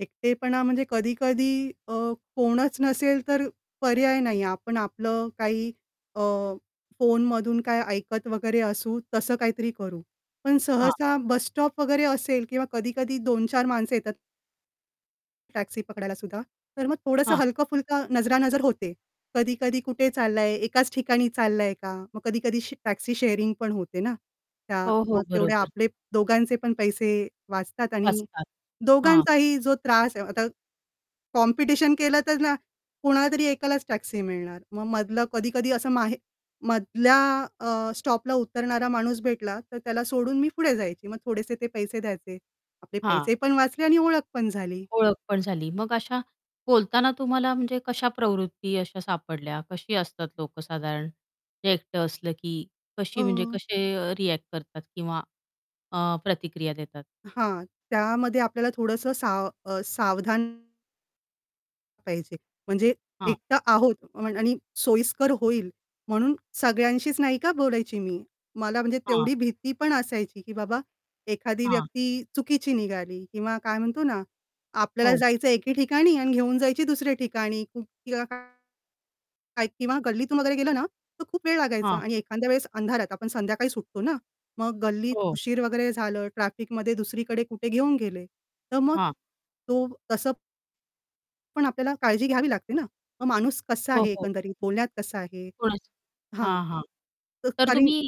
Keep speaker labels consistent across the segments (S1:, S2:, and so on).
S1: एकटेपणा म्हणजे कधी-कधी अ, कोणच नसेल तर पर्याय नाहीये आपण आपलं काही अ, फोनमधून काही ऐकत वगैरे असू तसं काहीतरी करू. पण
S2: हां.
S1: सहसा बसस्टॉप वगैरे असेल किंवा कधी-कधी 2-4 माणसं येतात टॅक्सी पकडायलासुद्धा. तर मग थोडंसं
S2: हां.
S1: हलकं-फुलकं नजरानजर होते. कधी-कधी कुठे चाललाय, एकाच ठिकाणी चाललाय का? मग कधी-कधी श टॅक्सी शेअरिंग पण होते ना, त्या
S2: हो, हो.
S1: मग तेवढे
S2: बरोबर.
S1: आपले दोघांचे पण पैसे वाचतात आणि
S2: असतात, हां.
S1: दोघांचाही जो त्रास आहे आता कॉम्पिटिशन केलं तर ना कोणालातरी एकालाच टॅक्सी मिळणार. मग मधे मधल्या अ, स्टॉपला उतरणारा माणूस भेटला तर त्याला सोडून मी पुढे जायची. मग थोडेसे ते पैसे द्यायचे. आपले
S2: हां.
S1: पैसे पण वाचले आणि ओळख पण झाली.
S2: ओळख पण झाली. मग अशा बोलताना तुम्हाला म्हणजे कशा प्रवृत्ती अशा सापडल्या, कशी असतात लोकं साधारण? हे एकटं असलं की
S1: अ
S2: कशी म्हणजे कसे रिॲक्ट करतात किंवा अ, प्रतिक्रिया देतात?
S1: हां, त्यामध्ये आपल्याला थोडंसं साव अ, सावधान पाहिजे. म्हणजे
S2: हां.
S1: एकटा आहोत अ आणि सोयीस्कर होईल म्हणून सगळ्यांशीच नाही का बोलायची मी. मला म्हणजे
S2: हां.
S1: तेवढी भीती पण असायची, की बाबा एखादी
S2: हां.
S1: व्यक्ती चुकीची निघाली किंवा काय म्हणतो ना आपल्याला
S2: हो.
S1: जायचंय एके ठिकाणी आणि घेऊन जायची दुसऱ्या ठिकाणी किंवा काय काय किंवा गल्लीतून वगैरे गेलं ना तर खूप वेळ लागायचा
S2: हां.
S1: आणि एखाद्या वेळेस अंधारात आपण संध्याकाळी सुटतो ना, मग गल्लीत
S2: हो.
S1: उशीर वगैरे झालं ट्रॅफिकमध्ये दुसरीकडे कुठे घेऊन गेले, तर मग
S2: हां.
S1: तो तसं पण आपल्याला काळजी घ्यावी लागते ना. मग माणूस कसा
S2: हो,
S1: आहे
S2: हो.
S1: एकंदरीत बोलण्यात कसा आहे
S2: कोणाची?
S1: हां,
S2: हां, हां.
S1: तर
S2: तर
S1: कारण
S2: तुम्ही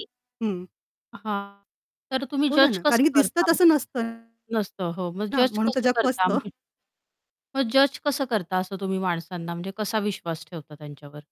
S1: हं.
S2: हां, तर तुम्ही
S1: बोला
S2: जज
S1: ना, कारण
S2: कसं
S1: की दिसतं
S2: करता मग
S1: तसं नसतं
S2: नसतं. हो, मग
S1: ना,
S2: जज
S1: म्हणून तर
S2: कसं
S1: जग
S2: करता?
S1: फसतं.
S2: [unintelligible] मग जज कसं करता असं तुम्ही माणसांना म्हणजे कसा विश्वास ठेवता त्यांच्यावर?